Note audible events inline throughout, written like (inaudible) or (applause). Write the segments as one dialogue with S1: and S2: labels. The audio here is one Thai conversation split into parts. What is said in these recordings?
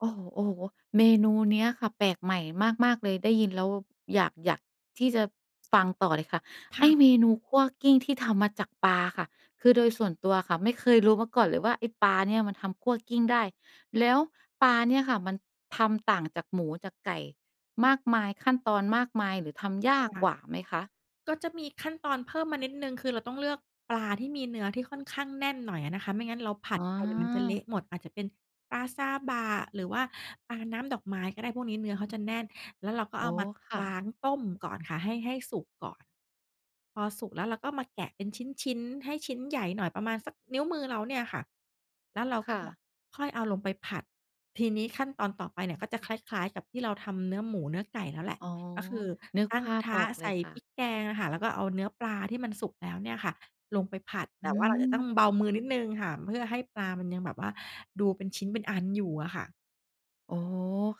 S1: โอ้โฮ ๆ เมนูนี้อะค่ะ แปลกใหม่มาก ๆ เลย ได้ยินแล้วอยาก อยากที่จะ ฟังต่อเลยค่ะ
S2: ค
S1: ไอ
S2: ่
S1: ้
S2: ะ
S1: เมนูคั่วกลิ้งที่ทำมาจากปลาค่ะ คือ
S2: ใ
S1: โ
S2: ช
S1: ด
S2: ่
S1: ย
S2: ค่
S1: ส
S2: ะ
S1: ่วนตัวค่ะ ไม่เคยรู้มาก่อนเลยว่า ไอ้ปลาเนี่ยมันทำคั่วกลิ้งได้ แล้วปลาเนี่ยค่ะ มันทำต่างจากหมูจากไก่มากมาย ขั้นตอนมากมาย หรือทำย
S2: ค
S1: า
S2: ่
S1: ก
S2: ะ
S1: กว่าไหมคะ?
S2: ก็จะมีขั้นตอนเพิ่มมานิดหนึ่ง คือเราต้องเลือกปลาที่มีเนื้อที่ค่อนข้างแน่นหน่อยอะนะคะ ไม่งั้นเราผั
S1: อ
S2: ด
S1: ๋อ
S2: ไป เดี๋ยวมันจะเละหมด อาจจะเป็นปลาซาบะหรือว่าปลาน้ำดอกไม้ก็ได้ พวกนี้เนื้อเขาจะแน่น แล้วเราก็
S1: อ
S2: เ
S1: ๋
S2: อา
S1: อ
S2: มา
S1: ค่
S2: ล้
S1: ะ
S2: าง ต้มก่อนค่ะให้ ให้สุกก่อน พอสุกแล้ว เราก็มาแกะเป็นชิ้น ๆ ให้ชิ้นใหญ่หน่อย ประมาณสักนิ้วมือเราเนี่ยอะค่ะ แล้วเรา
S1: ค
S2: ก
S1: ่
S2: ็
S1: ะ
S2: ค่อยเอาลงไปผัด ทีนี้ขั้นตอนต่อไปเนี่ยก็จะคล้าย ๆ กับที่เราทำเนื้อหมูเนื้อไก่แล้วแหละ
S1: อ๋อ
S2: ก็คือ
S1: นึก
S2: ตั้
S1: ภ
S2: ง
S1: า
S2: กระ
S1: พ
S2: ท
S1: อ
S2: ะ
S1: อกเ
S2: ใ
S1: ล
S2: ส
S1: ย
S2: ่
S1: ค่
S2: พ
S1: ะ
S2: ริกแกงอะค่ะ แล้วก็เอาเนื้อปลาที่มันสุกแล้วเนี่ยค่ะลงไปผัด
S1: อ
S2: แ
S1: ื
S2: ต่ว่าเราอาจจะต้อ
S1: ม
S2: งเบามือนิดหนึ่งค่ะ เพื่อให้ปลามันยังแบบว่าดูเป็นชิ้นเป็นอันอยู่อะค่ะ
S1: โอ้โฮ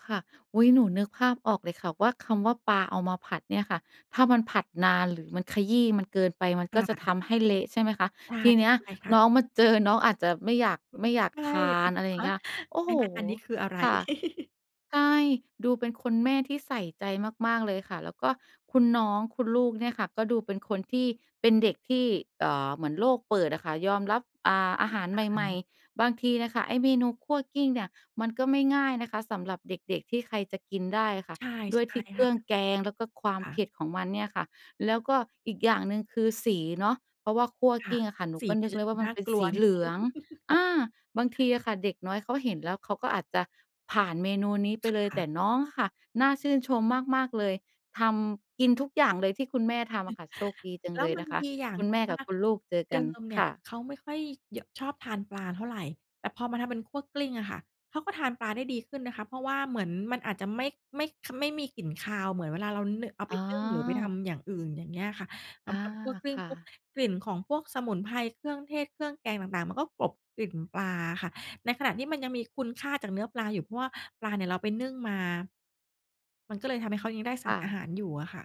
S1: ค่ะ อุ๊ย หนูนึกภาพออกเลยค่ะว่า คำว่าปลาเอามาผัดเนี่ยค่ะ ถ้ามันผัดนานหรือมัน ขยี้มันเกินไป มัน
S2: ค
S1: ก
S2: ่
S1: ็จะ
S2: ะ
S1: ทำให้เละใช่ไหมคะ?
S2: ใช่
S1: ทีเน
S2: ใ
S1: ี้ย
S2: ช่ค่ะ
S1: น้องมาเจอ น้องอาจจะไม่อยาก ไม่
S2: (unintelligible)
S1: อยาก
S2: ใช่
S1: ทาน อะไรอย
S2: ฮ
S1: ่าง
S2: ะ
S1: เงี้ย โอ้
S2: ไม
S1: โฮ!
S2: ่นะ อันนี้คืออะไร
S1: ค่ะ
S2: (chuckles)
S1: ใช่ ดูเป็นคนแม่ที่ใส่ใจมาก ๆ เลยค่ะ แล้วก็คุณน้อง คุณลูกเนี่ยค่ะ ก็ดูเป็นคนที่ เป็นเด็กที่ เออ เหมือนโลกเปิดอะค่ะ ยอมรับ อ่า อาหาร
S2: ค่
S1: ใ
S2: ะ อื
S1: หม่
S2: ม
S1: ๆ บางทีน่ะค่ะไอ้เมนูคั่วกลิ้งเนี่ย มันก็ไม่ง่ายนะคะ สำหรับเด็ก ๆ ที่ใครจะกินได้อะค่ะ
S2: ใช่
S1: ด้
S2: ใช
S1: วยท
S2: ่
S1: ี่เค
S2: ค
S1: รื
S2: ่
S1: ่
S2: ะ
S1: องแกง แล้วก็ความ
S2: ค่
S1: เ
S2: ะ
S1: ผ็ดของมันเนี่ยค่ะ แล้วก็อีกอย่างหนึ่ง คือ สีเนาะ เพราะว่าคั่ว
S2: ค่
S1: กล
S2: ะ
S1: ิ้งอะค่ะ หนู
S2: สี
S1: ก็
S2: ม
S1: น
S2: ั
S1: ึ
S2: น
S1: ก
S2: จะ
S1: เล
S2: ด
S1: ย
S2: ู
S1: ว่า ม
S2: น
S1: ั
S2: ่
S1: น
S2: า
S1: เป็น
S2: กล
S1: ส
S2: ัว
S1: ี
S2: น
S1: เ
S2: ิด
S1: หล
S2: หนึ
S1: ื
S2: ่
S1: อง
S2: ง
S1: อ
S2: (chuckles)
S1: า บางทีอะค่ะ เด็กน้อยเขาเห็นแล้ว เขาก็อาจจะผ่านเมนูนี้ไ
S2: ค
S1: ปเลย
S2: ่
S1: แต
S2: ะ
S1: ่น้องค่ะ น่าชื่นชมมาก ๆ เลย ทำ กินทุกอย่างเลยที่คุณแม่ทำอะ
S2: (chuckles)
S1: ค่ะ โชคดีจั
S2: แ
S1: ง
S2: ล้
S1: เ
S2: ว
S1: ลย
S2: มั
S1: น
S2: น
S1: ะค
S2: ด
S1: ะ
S2: ีอย่าง
S1: คุณ
S2: ค
S1: แ
S2: ื
S1: ม่
S2: อว่
S1: กั
S2: า
S1: บคุณลูกเจอ
S2: เ
S1: ก
S2: ด
S1: ั
S2: ิ
S1: น
S2: มเนี
S1: ค
S2: ่ย
S1: ่ะ
S2: เขาไม่ค่อย ย ชอบทานปลาเท่าไร แต่พอมาทำเป็นคั่วกลิ้งอะค่ะ เขาก็ทานปลาได้ดีขึ้นนะคะ เพราะว่าเหมือนมันอาจจะไม่ ไม่ ข ไม่มีกลิ่นคาว เหมือนเวลาเรา น เอา
S1: อ
S2: ไป
S1: ๋
S2: นึ่งหรือไปท
S1: อ
S2: ำอย่างอื่น อย่างเงี้ยอะค่ะ ท
S1: อา
S2: ำ ทำคั่วกลิ้
S1: ค
S2: ง
S1: ่
S2: ปุ๊บ
S1: ะ
S2: กลิ่นของพวกสมุนไพร เครื่องเทศ เครื่องแกงต่าง ๆ มันก็กลบกลิ่นปลาอะค่ะ ในขณะที่มันยังมีคุณค่าจากเนื้อปลาอยู่ เพราะว่าปลาเนี่ยเราไปนึ่งมา มันก็เลยทำให้เขายังได้ส
S1: ค
S2: าร
S1: ่
S2: อา
S1: ะ
S2: หารอยู่อะค่ะ